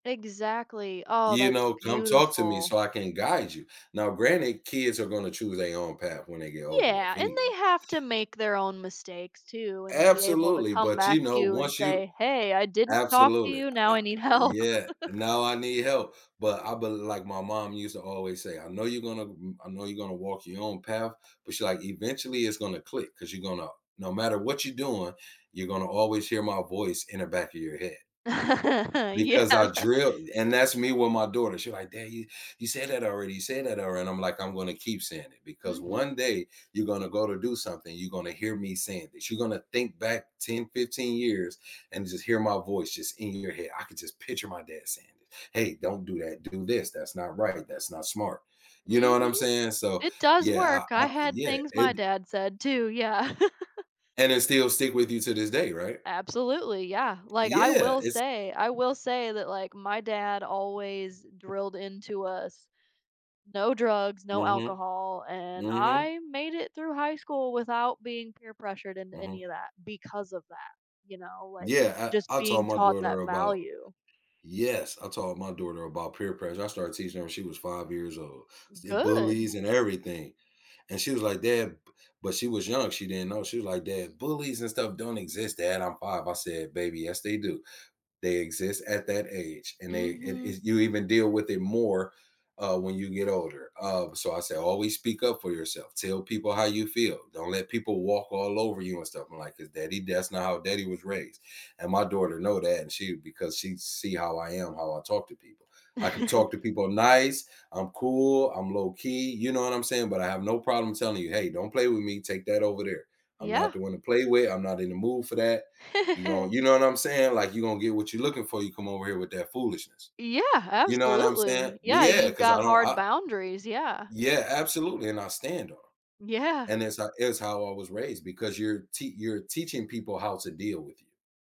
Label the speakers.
Speaker 1: Exactly. Oh,
Speaker 2: You
Speaker 1: that's
Speaker 2: know, "Come talk to me
Speaker 1: beautiful.
Speaker 2: so I can guide you," now, granted, kids are gonna choose they own path when they get old enough
Speaker 1: Yeah, and
Speaker 2: anyway.
Speaker 1: they have to make their own mistakes too and be able to
Speaker 2: Absolutely,
Speaker 1: come
Speaker 2: but,
Speaker 1: back
Speaker 2: you
Speaker 1: to
Speaker 2: know,
Speaker 1: you and
Speaker 2: once you
Speaker 1: say, "Hey, I didn't talk to
Speaker 2: Absolutely,
Speaker 1: you now
Speaker 2: I
Speaker 1: I need help."
Speaker 2: yeah, "Now I need help," but I be like, my mom used to always say, "I know you're gonna m I know you're gonna walk your own path," but she's like, "eventually it's gonna click 'cause you're gonna no matter what you doing, you're gonna always hear my voice in the back of your head.
Speaker 1: Yeah.
Speaker 2: Because I drilled and that's me with my daughter, she's like, "Dad, you you said that already, you said that already," and I'm like, "I'm gonna keep saying it because one
Speaker 1: Mhm.
Speaker 2: day you're gonna go to do something, you're gonna hear me saying this, you're gonna think back 10, 15 years and just hear my voice just in your head," I could just picture my dad saying this, "Hey, don't do that, do this, that's not right, that's not smart." You know what I'm
Speaker 1: Mhm.
Speaker 2: saying? So,
Speaker 1: It does
Speaker 2: yeah,
Speaker 1: work
Speaker 2: I
Speaker 1: I
Speaker 2: I
Speaker 1: had
Speaker 2: yeah,
Speaker 1: things my
Speaker 2: it
Speaker 1: dad said too, yeah.
Speaker 2: And it still stick with you to this day, right?
Speaker 1: Absolutely, yeah, like, I
Speaker 2: Yeah,
Speaker 1: will
Speaker 2: it's
Speaker 1: say I will say that, like, my dad always drilled into us, no drugs, no
Speaker 2: Mhm.
Speaker 1: alcohol, and
Speaker 2: Mhm.
Speaker 1: I made it through high school without being peer pressured into
Speaker 2: Mhm.
Speaker 1: any of that because of that, you know, like,
Speaker 2: Yeah,
Speaker 1: just
Speaker 2: I I taught
Speaker 1: being
Speaker 2: my
Speaker 1: taught
Speaker 2: daughter
Speaker 1: that
Speaker 2: about
Speaker 1: value.
Speaker 2: yes, I taught my daughter about peer pressure I started teaching her when she was 5 years old, s the
Speaker 1: Good.
Speaker 2: bullies and everything. And she was like, "Dad" b but she was young, she didn't know, she was like, "Dad, bullies and stuff don't exist, dad, I'm 5." I said, "Baby, yes they do. They exist at that age and they and
Speaker 1: Mhm.
Speaker 2: if you even deal with it more, uh, when you get older," uh, so I say "Always speak up for yourself, tell people how you feel, don't let people walk all over you and stuff," I'm like, "'cause daddy that's not how daddy was raised." And my daughter know that, and she because she see how I am, how I talk to people, I can talk to people nice, I'm cool, I'm low-key, you know what I'm saying, but I have no problem telling you, "Hey, don't play with me, take that over there. I'm not
Speaker 1: Yeah.
Speaker 2: the one to play with, I'm not in the mood for that." You know you know what I'm saying, like, "You gonna get what you're looking for, you come over here with that foolishness."
Speaker 1: Yeah,
Speaker 2: You know what I'm saying?
Speaker 1: absolutely
Speaker 2: L
Speaker 1: yeah,
Speaker 2: yeah,
Speaker 1: you've
Speaker 2: 'cause
Speaker 1: got
Speaker 2: I don't
Speaker 1: hard
Speaker 2: I
Speaker 1: boundaries, yeah.
Speaker 2: Yeah, absolutely, and I stand on 'em.
Speaker 1: Yeah.
Speaker 2: And it's ho it's how I was raised because you're tea you're teaching people how to deal with you.